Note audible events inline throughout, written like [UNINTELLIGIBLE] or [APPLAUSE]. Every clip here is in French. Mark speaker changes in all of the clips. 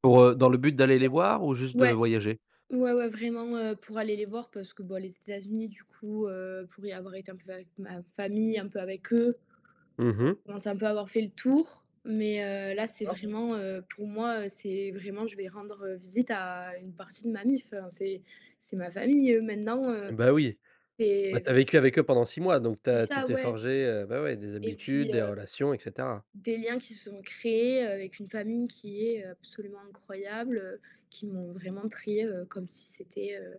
Speaker 1: Pour, heu, dans le but d'aller les voir, ou
Speaker 2: [UNINTELLIGIBLE]
Speaker 1: juste de
Speaker 2: Ouais,
Speaker 1: voyager?
Speaker 2: ouais, ouais, vraiment, heu, pour aller les voir parce que, bah, les États-Unis, du coup, heu, pour y avoir été un peu avec ma famille, un peu avec eux,
Speaker 1: Mmh
Speaker 2: je
Speaker 1: mh.
Speaker 2: commence un peu à avoir fait le tour, mais
Speaker 1: D
Speaker 2: heu, là, c'est
Speaker 1: cord.
Speaker 2: vraiment, heu, pour moi, heu, c'est vraiment, je vais rendre visite à une partie de ma mif, hein c'est c'est ma famille, eux, maintenant,
Speaker 1: Eh,
Speaker 2: heu,
Speaker 1: beh, oui, bah,
Speaker 2: c'est
Speaker 1: tu as
Speaker 2: vr
Speaker 1: vécu avec eux pendant 6 mois, donc tu
Speaker 2: C'est
Speaker 1: as tu
Speaker 2: ça,
Speaker 1: t'es
Speaker 2: ouais
Speaker 1: forgée, heu, bah, ouais, des
Speaker 2: et
Speaker 1: habitudes,
Speaker 2: puis
Speaker 1: des
Speaker 2: heu
Speaker 1: relations, et cetera.
Speaker 2: des liens qui se sont créés, heu, avec une famille qui est, heu, absolument incroyable, heu, qui m'ont vraiment pris, heu, comme si c'était, heu,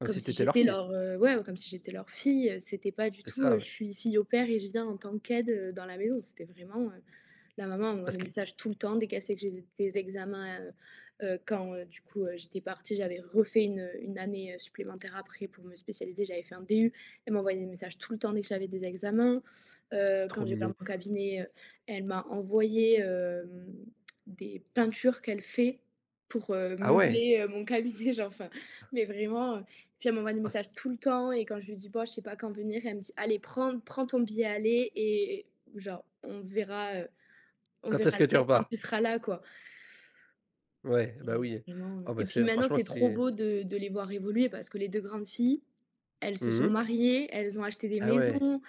Speaker 1: Comme
Speaker 2: comme
Speaker 1: si tu
Speaker 2: si
Speaker 1: étais leur
Speaker 2: j'étais
Speaker 1: fille.
Speaker 2: leur, heu, ouais, comme si j'étais leur fille. C'était pas du
Speaker 1: C'est
Speaker 2: tout,
Speaker 1: ça,
Speaker 2: heu: «Je
Speaker 1: oui.
Speaker 2: suis fille au pair et je viens en tant qu'aide dans la maison». C'était vraiment, heu, la maman envoie
Speaker 1: Parce
Speaker 2: des
Speaker 1: qu
Speaker 2: messages tout le temps, dès qu'elle sait que j'ai des des examens, heu heu, quand, heu, du coup, heu, j'étais partie, j'avais refait 1-1 année, heu, supplémentaire après pour me spécialiser. J'avais fait un DU. Elle m'envoyait des messages tout le temps dès que j'avais des examens.
Speaker 1: C'est
Speaker 2: Heu, quand
Speaker 1: trop
Speaker 2: j'ai ouvert
Speaker 1: mignon.
Speaker 2: mon cabinet, heu, elle m'a envoyé, hem, des peintures qu'elle fait pour, heu,
Speaker 1: Ah, ouais!
Speaker 2: meubler, heu, mon cabinet, genre, enfin, mais vraiment, heu, puis elle m'envoie des
Speaker 1: Ah, c
Speaker 2: messages tout le temps et quand je lui dis: «B oh je sais pas quand venir», elle me dit: «Allez, prends prends ton billet, allez et et genre, on verra, heu, on
Speaker 1: Quand
Speaker 2: verra
Speaker 1: est-ce
Speaker 2: le
Speaker 1: que tu
Speaker 2: reste quand
Speaker 1: repars?
Speaker 2: tu seras là, quoi».
Speaker 1: Ouais, bah,
Speaker 2: Et
Speaker 1: oui.
Speaker 2: vraiment,
Speaker 1: Oh, bah
Speaker 2: et puis
Speaker 1: c'est
Speaker 2: maintenant,
Speaker 1: franchement,
Speaker 2: c'est trop
Speaker 1: c'est
Speaker 2: beau de de les voir évoluer parce que les 2 grandes filles, elles se
Speaker 1: Mmh
Speaker 2: sont
Speaker 1: mh.
Speaker 2: mariées, elles ont acheté des
Speaker 1: Ah, ouais.
Speaker 2: maisons,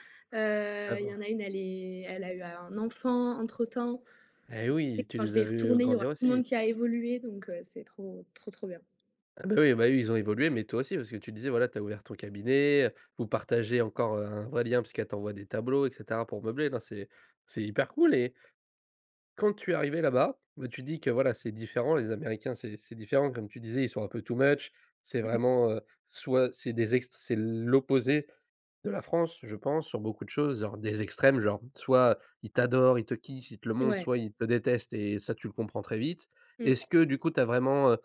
Speaker 1: Ah,
Speaker 2: heu, il y
Speaker 1: bon.
Speaker 2: en a 1, elle est elle a eu un enfant, entre temps,
Speaker 1: Eh oui, tu
Speaker 2: quand je
Speaker 1: les
Speaker 2: vais
Speaker 1: as
Speaker 2: y
Speaker 1: vus, heu,
Speaker 2: retourner, il y aura
Speaker 1: grandir
Speaker 2: tout le monde
Speaker 1: aussi.
Speaker 2: qui a évolué, donc heu, c'est trop, trop, trop bien.
Speaker 1: Ah, bah, oui, bah, eux, ils ont évolué, mais toi aussi, parce que tu disais, voilà, tu as ouvert ton cabinet, heu, vous partagez encore, heu, un vrai lien, parce qu'elle t'envoie des tableaux et cetera pour meubler. Non, c'est c'est hyper cool et quand tu es arrivée là-bas, bah, tu dis que, voilà, c'est différent, les Américains, c'est c'est différent. Comme tu disais, ils sont un peu too much. C'est
Speaker 2: Mmh mh.
Speaker 1: vraiment, heu, soit c'est des ext c'est l'opposé de la France, je pense, sur beaucoup de choses, genre, des extrêmes. Genre, soit ils t'adorent, ils te kiffent, ils te le montrent,
Speaker 2: Ouais.
Speaker 1: soit ils te détestent, et ça, tu le comprends très vite. Est-ce
Speaker 2: Mmh.
Speaker 1: que, du coup, tu as vraiment, heu